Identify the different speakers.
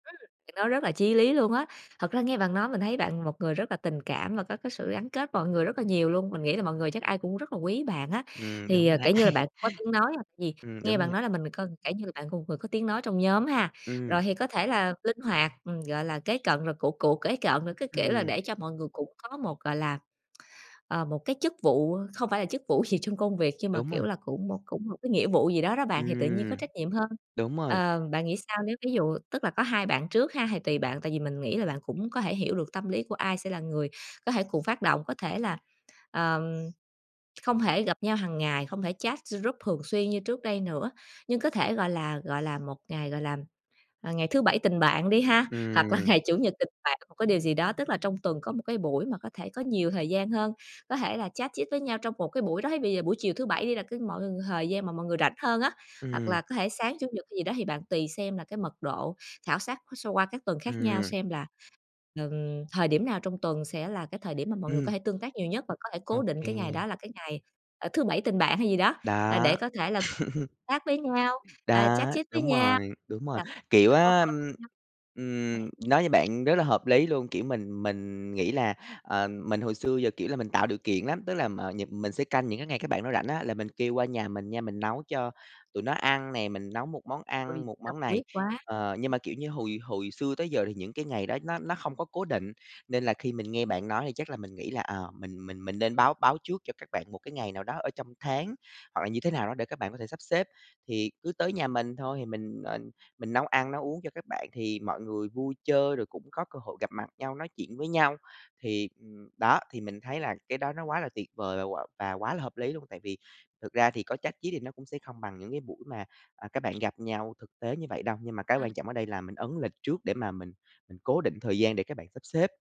Speaker 1: Ừm, thì nó rất là chí lý luôn á. Thật ra nghe bạn nói mình thấy bạn một người rất là tình cảm và có cái sự gắn kết mọi người rất là nhiều luôn, mình nghĩ là mọi người chắc ai cũng rất là quý bạn á.
Speaker 2: Ừ,
Speaker 1: Thì,
Speaker 2: đúng
Speaker 1: ờ,
Speaker 2: rồi đấy.
Speaker 1: kiểu như là, bạn cũng có tiếng nói hoặc gì
Speaker 2: Ừm,
Speaker 1: nghe
Speaker 2: đúng
Speaker 1: bạn
Speaker 2: rồi.
Speaker 1: nói là mình mình coi kiểu như là, bạn một người vừa có tiếng nói trong nhóm ha, rồi
Speaker 2: Ừm.
Speaker 1: thì có thể là linh hoạt, ừm, gọi là, kế cận, rồi cựu cựu kế cận, rồi cái, kiểu là,
Speaker 2: Ừm.
Speaker 1: để cho mọi người cũng có một, gọi là, ờ, một cái chức vụ không phải là chức vụ gì trong công việc nhưng mà,
Speaker 2: Đúng
Speaker 1: kiểu
Speaker 2: rồi.
Speaker 1: là, cũng cũng một cái nghĩa vụ gì đó đó bạn, thì tự nhiên có
Speaker 2: Ừm.
Speaker 1: trách nhiệm hơn.
Speaker 2: Đúng rồi.
Speaker 1: Ờ, bạn nghĩ sao nếu ví dụ tức là có hai bạn trước ha, thì tùy bạn, tại vì mình nghĩ là bạn cũng có thể hiểu được tâm lý của ai sẽ là người có thể cùng phát động, có thể là, ờm không thể gặp nhau hàng ngày, không thể chat g group thường xuyên như trước đây nữa, nhưng có thể, gọi là gọi là, một ngày, gọi là, ờ, ngày thứ bảy tình bạn đi ha, hoặc là
Speaker 2: Ừm.
Speaker 1: ngày chủ nhật tình bạn một cái điều gì đó. Tức là trong tuần có một cái buổi mà có thể có nhiều thời gian hơn, có thể là chat chit với nhau trong một cái buổi đó, thế bây giờ buổi chiều thứ Bảy đi là cái mọi ng thời gian mà mọi người rảnh hơn á, hoặc
Speaker 2: Ừm.
Speaker 1: là có thể sáng Chủ nhật hay gì đó thì bạn tùy xem là cái mật độ khảo sát so qua các tuần khác nhau
Speaker 2: Ừm.
Speaker 1: xem là, ừm, thời điểm nào trong tuần sẽ là cái thời điểm mà mọi người có
Speaker 2: Ừm.
Speaker 1: thể tương tác nhiều nhất và có thể
Speaker 2: Ô
Speaker 1: cố định cái ngày
Speaker 2: kê.
Speaker 1: đó là cái ngày, ờ, thứ bảy tình bạn hay gì đó, à,
Speaker 2: Đó.
Speaker 1: để có thể là chat với nhau, à, chat
Speaker 2: Đó,
Speaker 1: chit với
Speaker 2: đúng
Speaker 1: nhau,
Speaker 2: rồi, đúng rồi,
Speaker 1: gặp
Speaker 2: kiểu
Speaker 1: chứ có
Speaker 2: á,
Speaker 1: coi
Speaker 2: ừm,
Speaker 1: nhau nè.
Speaker 2: ừm, nói như bạn rất là hợp lý luôn, kiểu, mình mình nghĩ là, ờ, mình hồi xưa giờ, kiểu là, mình tạo điều kiện lắm, tức là, ờ, nhật mình sẽ canh những cái ngày các bạn đó rảnh á, là mình kêu qua nhà mình nha, mình nấu cho tụi nó ăn nè, mình nấu một món
Speaker 1: Ôi,
Speaker 2: ăn một
Speaker 1: tâm
Speaker 2: món này
Speaker 1: huyết quá.
Speaker 2: ờ, nhưng mà, kiểu như, hồi hồi xưa tới giờ thì những cái ngày đó nó nó không có cố định, nên là khi mình nghe bạn nói thì chắc là mình nghĩ là, ờ, mình mình mình nên báo báo trước cho các bạn một cái ngày nào đó ở trong tháng, hoặc là như thế nào đó để các bạn có thể sắp xếp. Thì cứ tới nhà mình thôi thì mình, ờ, mình nấu ăn nấu uống cho các bạn thì mọi người vui chơi, rồi cũng có cơ hội gặp mặt nhau, nói chuyện với nhau. Thì, ừm, đó, thì mình thấy là cái đó nó quá là tuyệt vời và quá là hợp lý luôn, tại vì thực ra thì có chát chít thì nó cũng sẽ không bằng những cái buổi mà, ờ, các bạn gặp nhau thực tế như vậy đâu, nhưng mà cái
Speaker 1: Ừm.
Speaker 2: quan trọng ở đây là mình ấn lịch trước để mà mình mình cố định thời gian để các bạn sắp xếp.